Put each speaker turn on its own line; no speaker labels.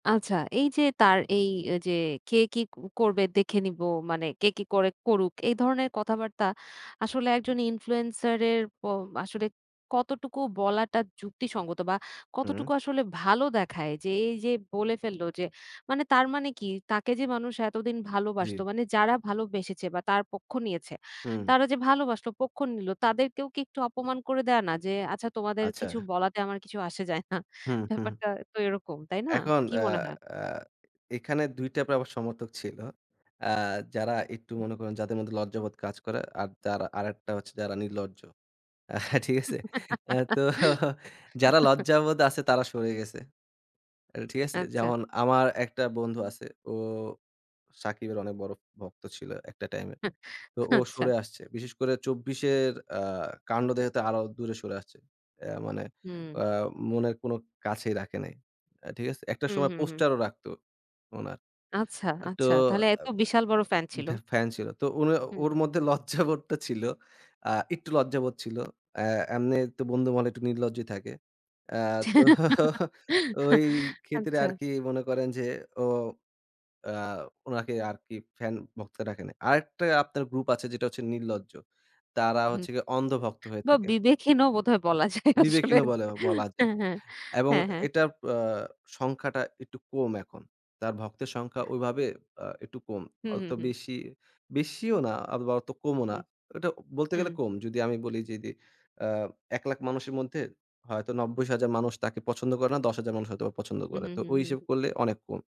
আচ্ছা, এই যে তার এই যে, "কে কি ক করবে? দেখে নিবো।" মানে "কে কি করে? করুক।" এই ধরনের কথাবার্তা আসলে একজন ইনফ্লুয়েন্সার এর প আসলে কতটুকু বলাটা যুক্তিসঙ্গত বা কতটুকু
হুম।
আসলে ভালো দেখায়? যে, এই যে বলে ফেলল যে, মানে তার মানে কি, তাকে যে মানুষ এতদিন ভালোবাসতো
জি।
মানে যারা ভালোবেসেছে বা তার পক্ষ নিয়েছে।
হুম।
তারা যে ভালোবাসল পক্ষ নিলো, তাদের কেও কি একটু অপমান করে দেয় না? যে, "আচ্ছা তোমাদের কিছু
আচ্ছা।
বলাতে, আমার কিছু আসে যায় না।"
হুম, হুম।
ব্যাপারটা তো এরকম, তাই না?
এখন
কি
অ্যা
মনে হয়?
অ্যা এখানে ২ টাইপের সমর্থক ছিল। অ্যা যারা একটু মনে করেন যাদের মধ্যে লজ্জাবোধ কাজ করে, আর দারা আরেকটা হচ্ছে যারা নির্লজ্জ। আ ঠিক আছে? আ তো যারা লজ্জাবোধ আছে তারা সরে গেছে। এর ঠিক আছে?
আচ্ছা।
যেমন আমার একটা বন্ধু আছে। ও সাকিবের অনেক বড় ভক্ত ছিল একটা টাইমে। তো ও
আচ্ছা।
সরে আসছে। বিশেষ করে ২৪ এর আ কান্ড দেখে তো আরো দূরে সরে আসছে। অ্যা মানে
হুম।
আ মনের কোনো কাছেই রাখে নাই। ঠিক আছে? একটা
হু,
সময়
হু, হু।
পোস্টারও রাখতো উনার।
আচ্ছা,
একটু
আচ্ছা। তাহলে
আ
এত বিশাল বড় ফ্যান
এ
ছিল।
ভ্যা ফ্যান ছিল। তো উনার
হুম।
ওর মধ্যে লজ্জাবোধটা ছিল। আ একটু লজ্জাবোধ ছিল। অ্যা এমনি তো বন্ধু মহলে একটু নির্লজ্জাই থাকে। অ্যা তো। ওই ক্ষেত্রে
আচ্ছা।
আরকি মনে করেন যে, ও আ উনাকে আরকি ফ্যান ভক্ত ডাকে না। আরেকটা আপনার গ্রুপ আছে, যেটা হচ্ছে নির্লজ্জ। তারা
হুম।
হচ্ছে গিয়ে অন্ধ ভক্ত হয়ে
বা
থাকে
বিবেকহীনও বোধহয় বলা যায় আসলে।
বিবেকহীন ও বলে, বলা যায়।
হ্যাঁ, হ্যাঁ।
এবং
হ্যাঁ, হ্যাঁ।
এটার আ সংখ্যাটা একটু কম এখন। তার ভক্তের সংখ্যা ঐভাবে আ একটু কম।
হু, হু,
অত
হু।
বেশি, বেশিও না, অথবা অত কমও না।
হুম।
এটা বলতে গেলে
হুম।
কম। যদি আমি বলি যে দি আ ১০০,০০০ মানুষের মধ্যে হয়তো ৯০,০০০ মানুষ তাকে পছন্দ করে না, ১০,০০০ মানুষ হয়তো পছন্দ
হু,
করে।
হু,
তো
হু,
ওই হিসেব
হু।
করলে অনেক কম।